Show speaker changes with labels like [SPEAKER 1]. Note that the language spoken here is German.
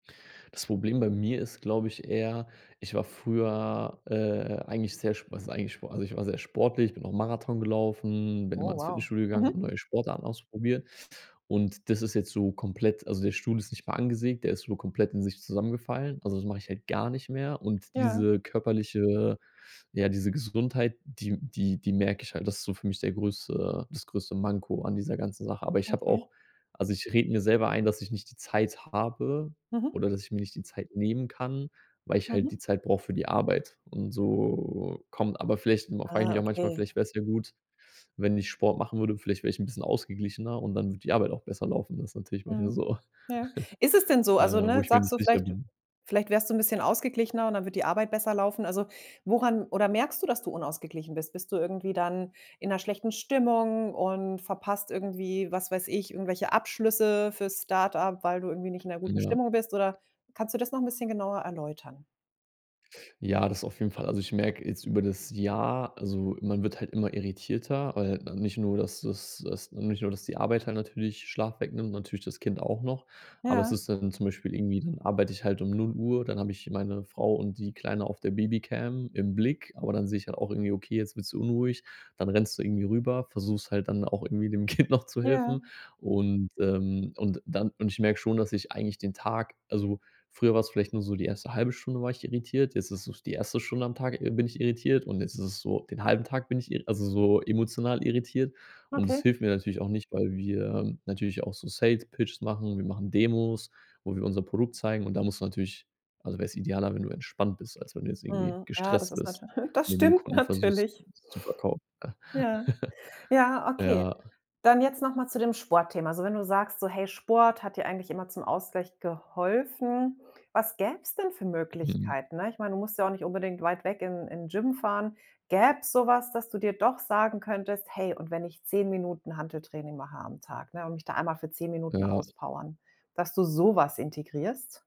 [SPEAKER 1] Das Problem bei mir ist, glaube ich, eher ich war früher, äh, eigentlich sehr sp was heißt eigentlich spo also ich war sehr sportlich, ich bin auch Marathon gelaufen, bin
[SPEAKER 2] Oh,
[SPEAKER 1] immer ins
[SPEAKER 2] wow.
[SPEAKER 1] Fitnessstudio gegangen, habe
[SPEAKER 2] Mhm.
[SPEAKER 1] neue Sportarten ausprobiert und das ist jetzt so komplett also der Stuhl ist nicht mal angesägt, der ist so komplett in sich zusammengefallen, also das mache ich halt gar nicht mehr und
[SPEAKER 2] Ja.
[SPEAKER 1] diese körperliche ja, diese Gesundheit, die die die merke ich halt das ist so für mich der größte das größte Manko an dieser ganzen Sache, aber ich habe
[SPEAKER 2] Okay.
[SPEAKER 1] auch also ich rede mir selber ein, dass ich nicht die Zeit habe
[SPEAKER 2] Mhm.
[SPEAKER 1] oder, dass ich mir nicht die Zeit nehmen kann, weil ich halt die
[SPEAKER 2] Mhm.
[SPEAKER 1] Zeit brauche für die Arbeit und so kommt aber vielleicht nur frage ich
[SPEAKER 2] Ah,
[SPEAKER 1] mich auch manchmal,
[SPEAKER 2] okay.
[SPEAKER 1] vielleicht wäre es ja gut, wenn ich Sport machen würde, vielleicht wäre ich ’n bisschen ausgeglichener und dann würde die Arbeit auch besser laufen. Das ist natürlich manchmal
[SPEAKER 2] Mhm.
[SPEAKER 1] so,
[SPEAKER 2] Ja. Ist es denn so,
[SPEAKER 1] äh,
[SPEAKER 2] also,
[SPEAKER 1] wo
[SPEAKER 2] ne,
[SPEAKER 1] ich mir
[SPEAKER 2] sagst
[SPEAKER 1] nicht
[SPEAKER 2] du
[SPEAKER 1] sicher
[SPEAKER 2] vielleicht
[SPEAKER 1] bin.
[SPEAKER 2] vielleicht wärst du 'n bisschen ausgeglichener und dann würde die Arbeit besser laufen, also, woran oder merkst du, dass du unausgeglichen bist? Bist du irgendwie dann in 'ner schlechten Stimmung und verpasst irgendwie, was weiß ich, irgendwelche Abschlüsse fürs Start-up, weil du irgendwie nicht in 'ner guten
[SPEAKER 1] Ja.
[SPEAKER 2] Stimmung bist oder kannst du das noch ’n bisschen genauer erläutern?
[SPEAKER 1] Ja, das auf jeden Fall. Also, ich merke jetzt über das Jahr also, man wird halt immer irritierter, weil, ne, nicht nur, dass dass dass nicht nur, dass die Arbeit dann natürlich Schlaf wegnimmt, natürlich das Kind auch noch, aber es
[SPEAKER 2] Ja.
[SPEAKER 1] ist dann zum Beispiel irgendwie, dann arbeite ich halt um 0:00, dann habe ich meine Frau und die Kleine auf der Babycam im Blick, aber dann sehe ich halt auch irgendwie: „Okay, jetzt wird sie unruhig”, dann rennst du irgendwie rüber, versuchst halt dann auch irgendwie dem Kind noch zu helfen,
[SPEAKER 2] Ja.
[SPEAKER 1] und, ähm, und dann und ich merke schon, dass ich eigentlich den Tag also, früher war's vielleicht nur so die erste 1/2 Stunde war ich irritiert, jetzt ist es so die 1. Stunde am Tag, äh, bin ich irritiert und jetzt ist es so den 1/2 Tag bin ich irri also, so emotional irritiert und das
[SPEAKER 2] Okay.
[SPEAKER 1] hilft mir natürlich auch nicht, weil wir natürlich auch so Sales-Pitches machen. Wir machen Demos, wo wir unser Produkt zeigen und da musst du natürlich also wäre es idealer, wenn du entspannt bist, als wenn du jetzt irgendwie
[SPEAKER 2] Mhm. Ja, das
[SPEAKER 1] gestresst
[SPEAKER 2] ist
[SPEAKER 1] bist
[SPEAKER 2] natür das
[SPEAKER 1] und dann dem
[SPEAKER 2] stimmt
[SPEAKER 1] Kunden versuchst,
[SPEAKER 2] natürlich.
[SPEAKER 1] was zu verkaufen.
[SPEAKER 2] Ja. Ja, okay.
[SPEAKER 1] Ja.
[SPEAKER 2] Dann jetzt noch mal zu dem Sportthema. Also, wenn du sagst, so, hey, Sport hat dir eigentlich immer zum Ausgleich geholfen, was gäbe es denn für
[SPEAKER 1] Mhm.
[SPEAKER 2] Möglichkeiten, ne, ich meine, du musst ja auch nicht unbedingt weit weg in in 'n Gym fahren. Gäbe es so was, dass du dir doch sagen könntest: „Hey, und wenn ich 10 Minuten Hanteltraining mache am Tag, ne, und mich da einmal für 10 Minuten
[SPEAKER 1] Ja.
[SPEAKER 2] auspowern”, dass du so was integrierst?